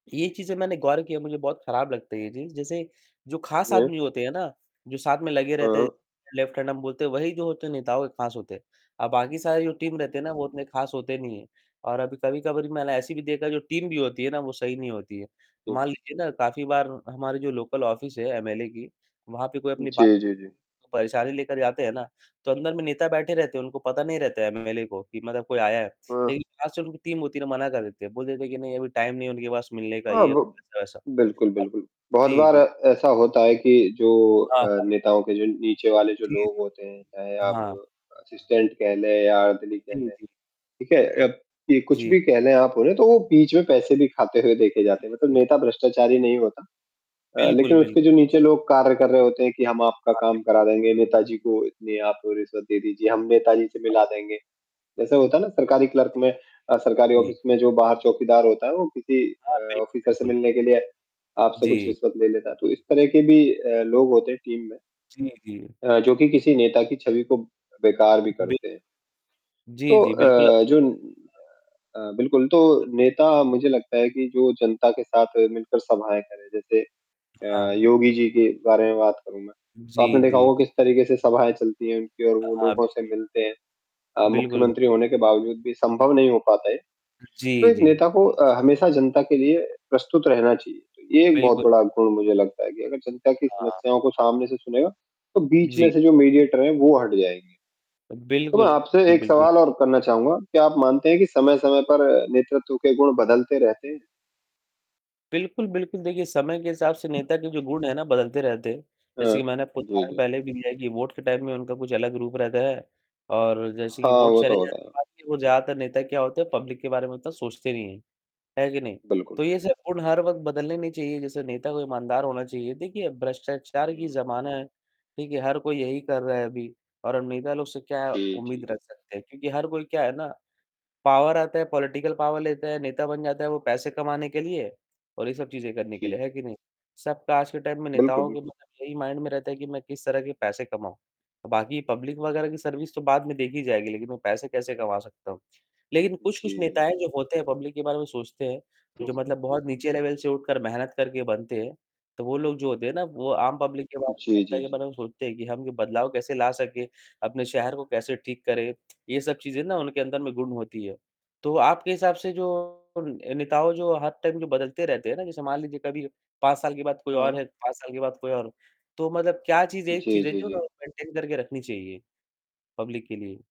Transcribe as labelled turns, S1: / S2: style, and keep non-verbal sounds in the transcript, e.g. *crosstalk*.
S1: ये चीज़ें मैंने गौर किया, मुझे बहुत खराब लगता है ये चीज़, जैसे जो खास
S2: ये
S1: आदमी होते हैं ना, जो साथ में लगे रहते हैं,
S2: हाँ।
S1: लेफ्ट हैंड हम बोलते हैं, वही जो होते हैं नेताओं के खास होते हैं, और बाकी सारी जो टीम रहती है ना,
S2: हुँ।
S1: वो उतने खास होते नहीं हैं। और अभी कभी-कबार मैंने ऐसा भी देखा कि जो टीम भी होती है ना, वो सही नहीं होती है। मान लीजिए ना, काफ़ी बार हमारी जो लोकल ऑफिस है एमएलए की, वहाँ पे कोई अपनी बात,
S2: जी, जी, जी।
S1: परेशानी लेकर जाते हैं ना, तो अंदर में नेता बैठे रहते हैं, उनको पता नहीं रहता एमएलए को कि मतलब कोई आया है।
S2: हाँ।
S1: लेकिन आजकल उनकी टीम होती ना, मना कर देती है, बोल देते हैं कि नहीं, अभी टाइम नहीं है उनके पास मिलने का,
S2: हाँ,
S1: ये
S2: बु
S1: ऐसा-वैसा।
S2: बिल्कुल बिल्कुल, बहुत
S1: जी,
S2: बार ऐ
S1: जी।
S2: ऐसा होता है कि जो
S1: हाँ,
S2: अ,
S1: हाँ।
S2: नेताओं के जो नीचे वाले
S1: जी,
S2: लोग
S1: जी,
S2: होते हैं, चाहे आप
S1: हाँ।
S2: असिस्टेंट कह लें *unintelligible* या *unintelligible*
S1: जी, जी।
S2: ठीक है? अ, कुछ
S1: जी।
S2: भी कह लें आप उन्हें, तो वो बीच में पैसे भी खाते हुए देखे
S1: जी,
S2: जाते हैं, मतलब
S1: जी।
S2: नेता भ्रष्टाचारी नहीं होता। अ,
S1: बिल्कुल,
S2: लेकिन
S1: बिल
S2: उसके जो नीचे लोग कार्य कर रहे होते हैं, कि हम आपका
S1: हाँ,
S2: काम करा
S1: बिल्कुल।
S2: देंगे, नेताजी को इतनी आप रिश्वत दे दीजिए, हम नेताजी से मिला देंगे। जैसे होता है ना सरकारी क्लर्क में अ, सरकारी
S1: जी, जी।
S2: ऑफिस में जो बाहर चौकीदार होता है, वो किसी
S1: हाँ,
S2: अ,
S1: बिल्कुल,
S2: ऑफिसर से
S1: बिल्कुल।
S2: मिलने के लिए आपसे कुछ
S1: जी।
S2: रिश्वत ले लेता है, तो इस तरह के भी अ, लोग होते हैं टीम में
S1: जी, जी।
S2: अ, जो कि किसी नेता की छवि को बेकार भी
S1: बिल
S2: करते हैं।
S1: जी,
S2: तो
S1: जी, बिल्कुल आप
S2: अ,
S1: सही
S2: जो न
S1: कह
S2: अ, बिल्कुल, तो नेता मुझे लगता है कि जो जनता के साथ मिलकर सभाएँ करे, जैसे अ,
S1: हाँ।
S2: योगी जी के बारे में बात करूँ मैं, तो आपने
S1: जी,
S2: देखा
S1: जी।
S2: होगा किस तरीके से सभाएँ चलती हैं उनकी और
S1: अ,
S2: वो
S1: हाँ,
S2: लोगों से
S1: बिल्कुल।
S2: मिलते हैं। अ,
S1: बिल्कुल, बि
S2: मुख्यमंत्री होने के बावजूद भी संभव नहीं हो पाता है। तो
S1: जी,
S2: एक
S1: जी।
S2: नेता को अ, हमेशा जनता के लिए प्रस्तुत रहना चाहिए, ये 1
S1: बिल्कुल,
S2: बहुत बड़ा गुण मुझे लगता है कि अगर जनता की
S1: बिल्कुल। हाँ।
S2: समस्याओं को सामने से सुनेगा, तो बीच में
S1: जी।
S2: से जो मीडिएटर है, वो हट जाएँगे। तो मैं
S1: बिल्कुल,
S2: आपसे 1
S1: बिल्कुल।
S2: सवाल और करना चाहूँगा, क्या आप मानते हैं कि
S1: जी।
S2: समय-समय पर नेतृत्व के गुण बदलते रहते हैं?
S1: बिल्कुल, बिल्कुल, देखिए, समय के हिसाब से नेता के जो गुण हैं ना, बदलते रहते हैं, जैसे
S2: हाँ,
S1: कि मैंने आपको
S2: जी,
S1: उदाहरण
S2: जी।
S1: पहले भी दिया है कि वोट के टाइम में उनका कुछ अलग रूप रहता है और जैसे कि
S2: हाँ,
S1: वोट
S2: वो
S1: चले
S2: तो
S1: जाने
S2: होता है।
S1: के बाद ज़्यादातर नेता क्या होते हैं, पब्लिक के बारे में इतना सोचते नहीं हैं, है कि नहीं?
S2: बिल्कुल।
S1: तो ये सब गुण हर वक़्त बदलने नहीं चाहिए, जैसे नेता को ईमानदार होना चाहिए। देखिए, भ्रष्टाचार की
S2: हुँ।
S1: ज़माना है, ठीक है? हर कोई यही कर रहा है अभी और नेता लोग से क्या
S2: जी, जी,
S1: उम्मीद
S2: जी।
S1: रख सकते हैं? क्योंकि हर कोई क्या है ना, पावर आता है, पॉलिटिकल पावर लेता है, नेता बन जाता है, वो पैसे कमाने के लिए और ये सब चीज़ें करने के लिए,
S2: जी।
S1: है कि नहीं? सबका आज के टाइम में
S2: बिल्कुल,
S1: नेताओं के
S2: बिल्कुल।
S1: यही माइंड में रहता है कि मैं किस तरह से पैसे कमाऊँ। बाकी पब्लिक वगैरह की सर्विस तो बाद में देखी जाएगी, लेकिन मैं पैसे कैसे कमा सकता हूँ। लेकिन
S2: जी,
S1: कुछ-कुछ
S2: जी,
S1: नेता हैं
S2: जी।
S1: जो होते हैं, पब्लिक के बारे में सोचते हैं, जो मतलब बहुत नीचे लेवल से उठकर मेहनत करके बनते हैं, तो वो लोग जो होते हैं ना, वो आम पब्लिक के बारे में,
S2: जी,
S1: जनता
S2: जी,
S1: के
S2: जी।
S1: बारे में सोचते हैं कि हम ये बदलाव कैसे ला सकें, अपने शहर को कैसे ठीक करें? ये सब चीज़ें ना उनके अंदर गुण होती है। तो आपके हिसाब से जो नेता जो हर टाइम बदलते रहते हैं ना, जैसे मान लीजिए कभी 5 साल के बाद कोई और
S2: हाँ।
S1: है, 5 साल के बाद कोई और, तो मतलब क्या चीज़ है, 1
S2: जी,
S1: चीज़ है
S2: जी,
S1: जो
S2: जी।
S1: उन्हें मेंटेन करके रखनी चाहिए? पब्लिक के लिए।